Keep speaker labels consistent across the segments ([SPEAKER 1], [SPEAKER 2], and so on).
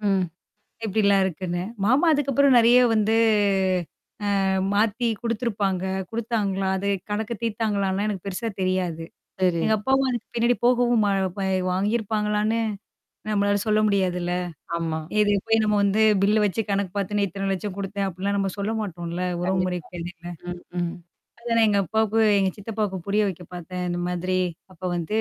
[SPEAKER 1] ம்.
[SPEAKER 2] எப்டிலாம் இருக்குன்னு. மாமா அதுக்கப்புறம் நெறைய வந்து அ மாத்தி குடுத்துருப்பாங்க. குடுத்தாங்களா? அது கணக்க தீர்த்தாங்களான்னா எனக்கு பெருசா தெரியாது.
[SPEAKER 1] சரி.
[SPEAKER 2] எங்க அப்பாவும் அதுக்கு பின்னாடி போகவும் ம பா வாங்கியிருப்பாங்களான்னு, நம்மளால சொல்ல முடியாதுல்ல.
[SPEAKER 1] ஆமா.
[SPEAKER 2] இது போய் நம்ம வந்து பில்ல வச்சு கணக்கு பாத்து நெத்து இத்தன லட்சம் குடுத்தேன். அப்ப்டிலாம் நம்ம சொல்ல மாட்டோம்ல உறவு
[SPEAKER 1] கண்டிப்பா.
[SPEAKER 2] முறைக்கு இடையில.
[SPEAKER 1] ம், ம்.
[SPEAKER 2] அத நான் எங்க அப்பாவுக்கும் எங்க சித்தப்பாவுக்கும் புரிய வைக்க பார்த்தேன் இந்த மாதிரி. அப்ப வந்து,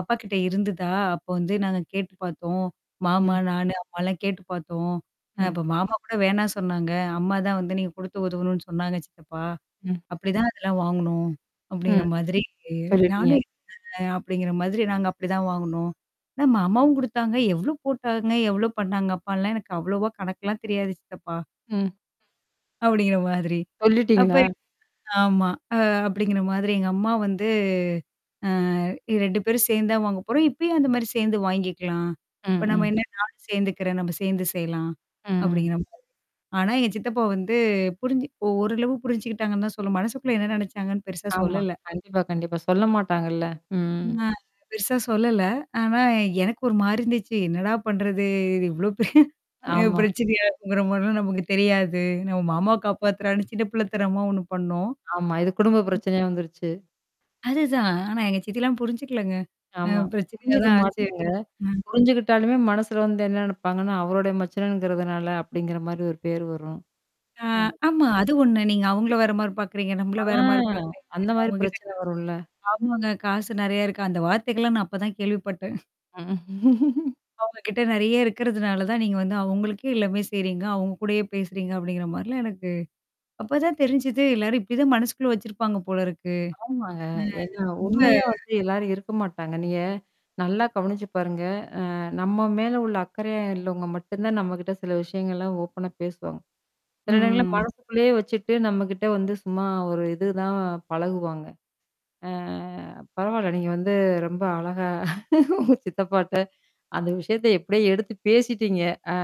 [SPEAKER 2] அப்பா கிட்ட இருந்ததா? அப்ப வந்து நாங்க கேட்டு பார்த்தோம். மாமா,
[SPEAKER 1] ம்.
[SPEAKER 2] நானு அம்மாலாம் கேட்டு பார்த்தோம். அ
[SPEAKER 1] ம்.
[SPEAKER 2] அப்ப மாமா கூட வேணா சொன்னாங்க. அம்மா தான் வந்து நீங்க குடுத்து உதவணும்னு சொன்னாங்க சித்தப்பா,
[SPEAKER 1] ம்.
[SPEAKER 2] அப்படிதான் அதெல்லாம் வாங்கணும், அப்படிங்கிற
[SPEAKER 1] ம்.
[SPEAKER 2] மாதிரி
[SPEAKER 1] சொல்லிட்டீங்க.
[SPEAKER 2] நானும் [unintelligible] அப்படிங்கிற மாதிரி நாங்க அப்படிதான் வாங்கணோம். மாமாவும் குடுத்தாங்க. எவ்ளோ போட்டாங்க? எவ்ளோ பண்ணாங்க? அப்டின்லாம் எனக்கு அவ்வளோவா கணக்கலாம் தெரியாது சித்தப்பா.
[SPEAKER 1] ம்.
[SPEAKER 2] அப்படிங்கிற மாதிரி. அப்ப
[SPEAKER 1] சொல்லிட்டீங்களா?
[SPEAKER 2] ஆமா. அ அப்படிங்கிற மாதிரி எங்க அம்மா வந்து அ 2 பேரும் சேர்ந்து தான் வாங்க போறோம். இப்பயும் அந்த மாரி சேர்ந்து வாங்கிக்கலாம்.
[SPEAKER 1] ம்,
[SPEAKER 2] இப்ப நம்ம
[SPEAKER 1] ம்.
[SPEAKER 2] என்ன நானும் சேர்ந்துக்கிறேன் நம்ம சேர்ந்து செய்யலாம்,
[SPEAKER 1] ம்.
[SPEAKER 2] அப்படிங்கிற. [unintelligible] ஆனா, எங்க சித்தப்பா வந்து புரிஞ்சு ஒ ஓரளவு புரிஞ்சுக்கிட்டாங்கன்னு தான் சொல்ல மனசுக்குள்ள என்ன நினைச்சாங்கன்னு பெருசா
[SPEAKER 1] ஆமா.
[SPEAKER 2] சொல்லல.
[SPEAKER 1] கண்டிப்பா, கண்டிப்பா. சொல்ல மாட்டாங்கள்ல. ம்.
[SPEAKER 2] ம். பெருசா சொல்லல. ஆனா எனக்கு ஒரு மாரி இருந்துச்சு. என்னடா பண்றது? இது இவ்ளோ பெரிய,
[SPEAKER 1] ஆமா.
[SPEAKER 2] பிரச்சனையா இருக்குங்கிற மாரிலாம் நமக்கு தெரியாது. நம்ம மாமா
[SPEAKER 1] கண்டிப்பா.
[SPEAKER 2] காப்பாத்துறான்னு சின்ன பிள்ளைதனாமா ஒண்ணு பண்ணோம்.
[SPEAKER 1] ஆமா. இது குடும்ப பிரச்சனையா வந்துருச்சு.
[SPEAKER 2] அதுதான். ஆனா எங்க சித்திலாம் புரிஞ்சுக்கலங்க. அ
[SPEAKER 1] ஆமா.
[SPEAKER 2] பிரச்சனையா
[SPEAKER 1] புரிஞ்சுக்க
[SPEAKER 2] தான் ஆச்சு.
[SPEAKER 1] மாட்டங்க.
[SPEAKER 2] ம்.
[SPEAKER 1] புரிஞ்சுகிட்டாலுமே மனசுல வந்து என்ன நினப்பாங்கன்னா, அவருடைய மச்சனங்கிறதுனால அப்படிங்கிற மாரி ஒரு பேர் வரும்.
[SPEAKER 2] ஆ
[SPEAKER 1] ம்.
[SPEAKER 2] ஆமா. அது ஒண்ணு. நீங்க அவங்கள வேற மாரி பாக்கறீங்க. நம்மள
[SPEAKER 1] ஆ
[SPEAKER 2] வேற மாரி பாக்கறீங்க.
[SPEAKER 1] அந்த மாரி
[SPEAKER 2] அவங்ககிட்ட
[SPEAKER 1] பிரச்சனை வரும்ல.
[SPEAKER 2] [unintelligible] ஆமாங்க. காசு நெறைய இருக்கு. அந்த வார்த்தைகள்லாம் நான் அப்பதான் கேள்விப்பட்டேன்.
[SPEAKER 1] ம்
[SPEAKER 2] அவங்க கிட்ட நெறைய இருக்கிறதுனால தான் நீங்க வந்து அவங்களுக்கே எல்லாமே செய்றீங்க. அவங்க கூடயே பேசுறீங்க அப்டிங்கிற மாரிலாம் எனக்கு. அப்பதான் தெரிஞ்சுது எல்லாரும் இப்படிதான் மனசுக்குள்ள வச்சிருப்பாங்க போல இருக்கு?
[SPEAKER 1] ஆமாங்க. ஏன்னா,
[SPEAKER 2] ம் ரொம்ப
[SPEAKER 1] உண்மையா வந்து எல்லாரும் இருக்க மாட்டாங்க. நீங்க நல்லா கவனிச்சு பாருங்க. அ நம்ம மேல உள்ள அக்கறையா இல்லவங்க மட்டும் தான் நம்மகிட்ட சில விஷயங்கள்லாம் ஓப்பனா பேசுவாங்க. சில நேரங்கள
[SPEAKER 2] ம்.
[SPEAKER 1] மனசுக்குள்ளேயே வச்சுட்டு நம்மகிட்ட வந்து சும்மா ஒரு இது தான் பழகுவாங்க. அ பரவால்ல. நீங்க வந்து ரொம்ப அழகா சித்தப்பாட்ட, அந்த விஷயத்த எப்படியே எடுத்து பேசிட்டீங்க. அ.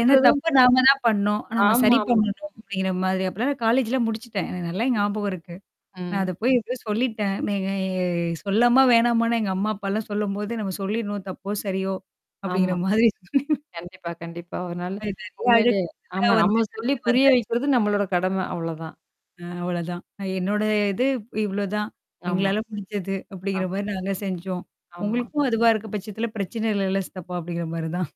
[SPEAKER 2] ஏன்னா தப்ப நாம தான் பண்ணும். நம்ம சரி
[SPEAKER 1] ஆமாமா.
[SPEAKER 2] பண்ணணும் அப்படிங்கிற மாதிரி அப்பலாம் நான் காலேஜ்லாம் முடிச்சுட்டேன். எனக்கு நல்லா ஞாபகம் இருக்கு. நான் அத
[SPEAKER 1] ம்.
[SPEAKER 2] போய் எதோ சொல்லிட்டேன். நீ சொல்லமா வேணாமான்னு எங்க அம்மா அப்பாலாம் சொல்லும்போது, நம்ம சொல்லிடணும், தப்போ! சரியோ! அப்படிங்கிற
[SPEAKER 1] ஆமா.
[SPEAKER 2] மாதிரி
[SPEAKER 1] கண்டிப்பா கண்டிப்பா. அதனால.
[SPEAKER 2] [unintelligible] அது எல்லாம்
[SPEAKER 1] உண்மையிலயே. ஆமா. நம்ம
[SPEAKER 2] கடந்து
[SPEAKER 1] சொல்லி புரிய
[SPEAKER 2] வந்தாச்சு.
[SPEAKER 1] வைக்கிறது நம்மளோட கடமை அவ்ளோதான்.
[SPEAKER 2] அ அவ்ளோதான். அ என்னோட இது இவ்ளோதான்.
[SPEAKER 1] ஆமா.
[SPEAKER 2] எங்களால முடிஞ்சது
[SPEAKER 1] ஆ.
[SPEAKER 2] அப்படிங்கிற மாரி நாங்க செஞ்சோம்.
[SPEAKER 1] ஆமா.
[SPEAKER 2] உங்களுக்கும் அதுவா இருக்க பட்சத்தில பிரச்சனை இல்லைல்ல சித்தப்பா! அப்படிங்கிற மாரி தான்.